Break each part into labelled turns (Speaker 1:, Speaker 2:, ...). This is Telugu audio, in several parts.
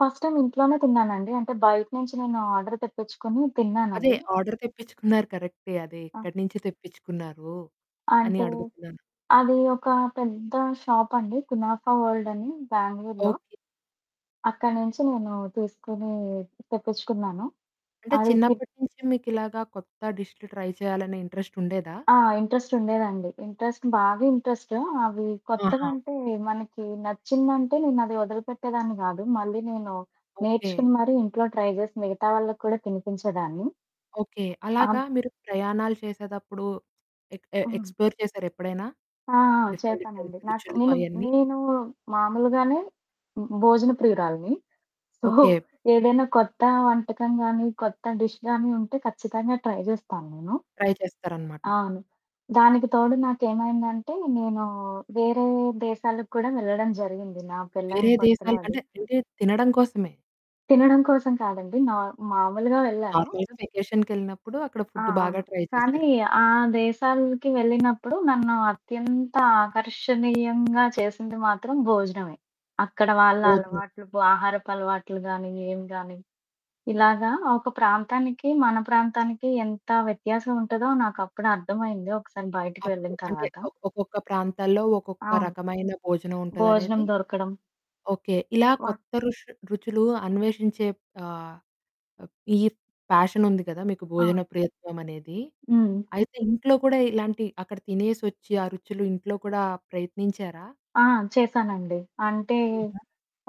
Speaker 1: ఫస్ట్ టైమ్ ఇంట్లోనే తిన్నానండి. అంటే బయట నుంచి నేను ఆర్డర్ తెప్పిచుకొని,
Speaker 2: అదే
Speaker 1: తిన్నానది.
Speaker 2: ఆర్డర్ తెప్పించుకున్నారు కరెక్టే, అది
Speaker 1: ఆ!
Speaker 2: ఎక్కడి నుంచి తెప్పించుకున్నారు? అని
Speaker 1: అంటే,
Speaker 2: అడుగుతున్నాను.
Speaker 1: అది ఒక పెద్ద షాప్ అండి. కునాఫా వోల్డ్ అని బ్యాంగళూరులో.
Speaker 2: ఓకే.
Speaker 1: అక్కడి నుంచి నేను తీసుకొని తెప్పించుకున్నాను.
Speaker 2: అంటే,
Speaker 1: అది తి
Speaker 2: చిన్నప్పటి నుంచి మీకు ఇలాగా కొత్త డిష్లు ట్రై చేయాలనే ఇంట్ర‌రె‌స్టుండేదా?
Speaker 1: ఆ! ఇంట్ర‌రె‌స్టుండేదండి. ఇంట్ర‌రె‌స్ట్ బాగా ఇంట్రెస్టు అవి కొత్తగా
Speaker 2: ఆహా!
Speaker 1: అంటే, మనకి నచ్చిందంటే, నేను అది వదిలిపెట్టేదాన్ని కాదు. మళ్ళీ నేను
Speaker 2: ఓకే.
Speaker 1: నేర్చుకుని మరి ఇంట్లో ట్రై చేసి, మిగతా వాళ్ళకి కూడా తినిపించేదాన్ని.
Speaker 2: ఓకే. అలాగా
Speaker 1: ఆంత్
Speaker 2: మీరు ప్రయాణాలు చేసేదప్పుడు, ఎక్
Speaker 1: హ్మ్.
Speaker 2: ఎక్స్‌ప్లోర్ చేసారా ఎప్పుడైనా?
Speaker 1: ఆ! ఆ!
Speaker 2: డిఫరెంట్, డిఫరెంట్
Speaker 1: చేస్తానండి. నాకు
Speaker 2: రుచులు
Speaker 1: నేను,
Speaker 2: అయన్నీ?
Speaker 1: నేను మామూలుగానే భో భోజన ప్రియురాలిని. So,
Speaker 2: okay.
Speaker 1: ఏదైనా కొత్త వంటకం గానీ, కొత్త డిష్ గాని ఉంటే, ఖచ్చితంగా ట్రై చేస్తాను నేను.
Speaker 2: ట్రై చేస్తారన్నమాట.
Speaker 1: అవును. దానికి తోడు నాకేమైందంటే, నేను వేరే దేశాలకు కూడా వెళ్ళడం జరిగింది, నా పెళ్ళైన
Speaker 2: వేరే
Speaker 1: కొత్తలో
Speaker 2: దేశాల
Speaker 1: అది.
Speaker 2: అంటే, అంటే తినడం కోసమే!
Speaker 1: తినడం కోసం కాదండి. నార్ మాములుగా వెళ్ళాను.
Speaker 2: నార్మల్‌గా వెకేషన్‌కెళ్ళినప్పుడు అక్కడ
Speaker 1: ఆ!
Speaker 2: ఫుడ్డు బాగా
Speaker 1: అవును.
Speaker 2: ట్రై
Speaker 1: కానీ,
Speaker 2: చేసారు.
Speaker 1: ఆ దేశాలకి వెళ్ళినప్పుడు, నన్ను అత్యంత ఆకర్షణీయంగా చేసింది మాత్రం భోజనమే. అక్కడ వాళ్ళ
Speaker 2: భోజనం.
Speaker 1: అలవాట్లు, బు ఆహారపు అలవాట్లు గానీ, ఏం గాని, ఇలాగ ఒక ప్రాంతానికి మన ప్రాంతానికి ఎంత వ్యత్యాసం ఉంటదో, నాకు అప్పుడు అర్థమైంది. ఒకసారి బయటికి
Speaker 2: అప్పు
Speaker 1: వెళ్ళిన
Speaker 2: అంటే,
Speaker 1: తర్వాత.
Speaker 2: ఒక్కొక్క ప్రాంతాల్లో, ఒక్కొక్క
Speaker 1: అవును.
Speaker 2: రకమైన భోజనం
Speaker 1: భోజనం
Speaker 2: ఉంటదనేది
Speaker 1: దొరకడం.
Speaker 2: ఓకే, ఇలా
Speaker 1: వా
Speaker 2: కొత్త రుష్ రుచులు అన్వేషించే ఆహ్, అప్ ఈర్ ఫ్యాషనుంది కదా, మీకు
Speaker 1: ఆ!
Speaker 2: భోజన ప్రియత్వమనేది,
Speaker 1: హ్మ్.
Speaker 2: అయితే ఇంట్లో కూడా ఇలాంటి అక్కడ తినేసొచ్చి, ఆ రుచులు ఇంట్లో కూడా ప్రయత్నించారా?
Speaker 1: ఆ! చేశానండి. అంటే
Speaker 2: హుహు.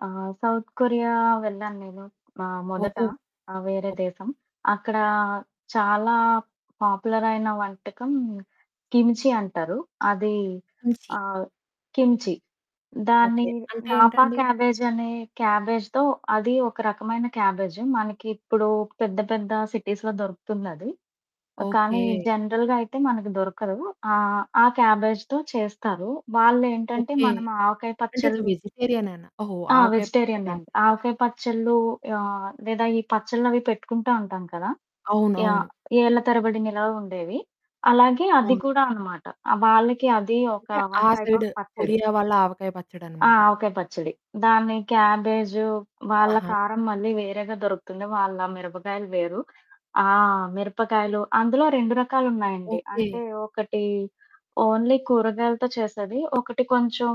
Speaker 1: ఆహ్, సౌత్ కొరియా వెళ్ళా నేను. మ మొదట.
Speaker 2: ఓహో!
Speaker 1: ఆ! వేరే
Speaker 2: ఓకే.
Speaker 1: దేశం. అక్కడ చాలా పాపులరైన వంటకం, కిమ్చీ అంటారు. అది
Speaker 2: కిమ్చీ.
Speaker 1: ఆహ్, కిమ్చీ దాన్ని
Speaker 2: ఓకే. అంటే
Speaker 1: నాపా
Speaker 2: ఏంటండి?
Speaker 1: క్యాబేజనే క్యాబేజ్‌తో అది ఒక రకమైన క్యాబేజ్. మనకిప్పుడు పెద్ద, పెద్ద సిటీస్‌లో దొరుకుతుందది. ఆహ్, కానీ
Speaker 2: ఓకే.
Speaker 1: జనరల్‌గా అయితే మనకు దొరకదు. ఆహ్, ఆ క్యాబేజ్‌తో చేస్తారు. వాళ్ళు ఏంటంటే
Speaker 2: ఓకే.
Speaker 1: మనము ఆవకాయ
Speaker 2: అంటే అది
Speaker 1: పచ్చడ్లు
Speaker 2: వెజిటేరియనేనా? ఓహో!
Speaker 1: ఆ!
Speaker 2: ఆవకాయ పచ్చడి
Speaker 1: వెజిటేరియనే అండి.
Speaker 2: లాంటిదా?
Speaker 1: ఆవకాయ పచ్చలు ఆహ్, లేదా ఈ పచ్చడ్లు అవి పెట్టుకుంటావుంటాం కదా! యాహ్!
Speaker 2: అవునవును.
Speaker 1: ఏళ్ళ తరబడి నిలవుండేవి. అలాగే అది
Speaker 2: అవును.
Speaker 1: కూడా అన్నమాట. ఆహ్, వాళ్ళకి అది ఒక
Speaker 2: అంటే, ఆ
Speaker 1: వన్ టైప్
Speaker 2: సైడు,
Speaker 1: ఆఫ్ పచ్చడి.
Speaker 2: కొరియా వాళ్ళ ఆవకాయ
Speaker 1: ఆ!
Speaker 2: పచ్చడన్నమాట.
Speaker 1: ఆవకాయ పచ్చడి. దాన్ని క్యాబేజు వాళ్ళ
Speaker 2: ఆహ!
Speaker 1: కారం మళ్ళీ వేరేగా దొరుకుతుంది. వాళ్ళ మిరపకాయలు వేరు. ఆ! మిరపకాయలు. అందులో 2 రకాలున్నాయండి.
Speaker 2: ఓకే.
Speaker 1: అంటే ఒకటి ఓన్లీ కూరగాయలతో చేసేది. ఒకటి కొంచెం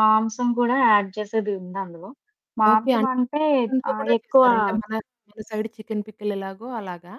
Speaker 1: మాంసం కూడా యాడ్ చేసేది ఉంది అందులో.
Speaker 2: ఓకే.
Speaker 1: మాంసం
Speaker 2: అంటే
Speaker 1: అంటే
Speaker 2: మాంసంతో
Speaker 1: ఆహ్,
Speaker 2: కూడా
Speaker 1: ఎక్కువ
Speaker 2: చేస్తారు అంటే, మన, మన సైడ్ చికెన్ పికిల్ ఎలాగో అలాగా?